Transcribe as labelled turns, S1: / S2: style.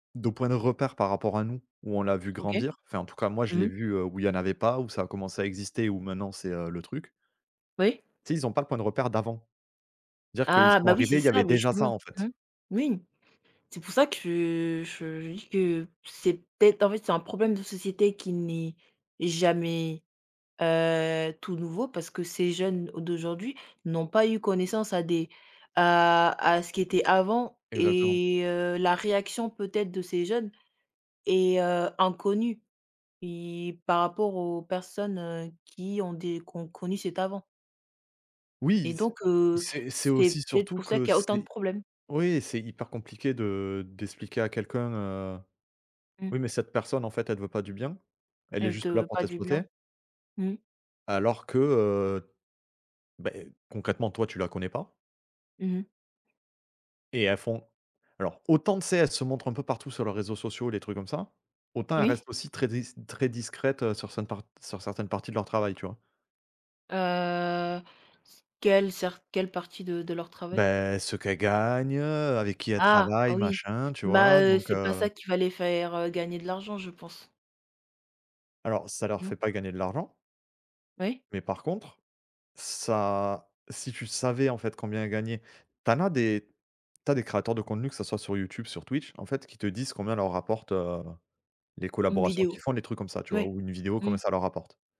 S1: De points de repère par rapport à nous, où on l'a vu
S2: OK.
S1: grandir. Enfin en tout cas moi je
S2: Mmh
S1: l'ai
S2: mh.
S1: vu, heu, où il y en avait pas, où ça a commencé à exister, où maintenant c'est, heu, le truc
S2: Oui.
S1: tu sais ils ont pas le point de repère d'avant. C'est-à-dire qu'ils
S2: Ah,
S1: sont
S2: bah, oui,
S1: arrivés,
S2: c'est
S1: il y avait
S2: ça, beh
S1: déjà ça
S2: justement.
S1: en fait.
S2: Mmh. Oui, c'est pour ça que je je dis que c'est peut-être en fait c'est un problème de société qui n'est jamais, heu, tout nouveau parce que ces jeunes d'aujourd'hui n'ont pas eu connaissance à des à à ce qui était avant
S1: Exactement.
S2: et heu, la réaction peut-être de ces jeunes est, heu, inconnue i par rapport aux personnes, heu, qui ont des qui ont connu cet avant
S1: Oui
S2: et
S1: c
S2: donc, heu,
S1: c'est c'est
S2: c'est
S1: aussi
S2: peut-être
S1: surtout
S2: pour ça
S1: que
S2: qu'il y autant de
S1: c'est
S2: problèmes.
S1: oui c'est hyper compliqué de d'expliquer à quelqu'un, heu:
S2: Mmh.
S1: «Oui mais cette personne en fait elle veut pas du bien, elle est
S2: Elle te
S1: juste là
S2: veut
S1: pour
S2: pas du bien.
S1: t'exploiter
S2: Mmh.
S1: alors que, heu, beh concrètement toi tu la connais pas».
S2: Mmh mh.
S1: Et elles font alors autant, tu sais, elles se montrent un peu partout sur leurs réseaux sociaux, les trucs comme ça, autant elles
S2: Oui.
S1: restent aussi très dis très discrètes, heu, sur certaines part sur certaines parties de leur travail, tu vois?
S2: Heu, s quelle cer quelle partie de de leur travail?
S1: Beh, ce qu'elles gagnent, heu, avec qui elles
S2: Ah!
S1: travaillent
S2: Oui.
S1: machin, tu
S2: Bah,
S1: vois?
S2: heu,
S1: Donc,
S2: c'est pas
S1: heu
S2: ça qui va les faire, heu, gagner de l'argent, je pense.
S1: Alors ça leur
S2: Mmh.
S1: fait pas gagner de l'argent
S2: Oui.
S1: mais par contre ça si tu savais en fait combien gagnait tu en as des tu as as des créateurs de contenu, que ça soit sur YouTube, sur Twitch en fait qui te disent combien leur rapportent, heu, les
S2: Une
S1: collaborations
S2: vidéo.
S1: qu'ils font, les trucs comme ça tu vois,
S2: Ouais.
S1: ou une vidéo, combien
S2: Mmh.
S1: ça leur rapporte.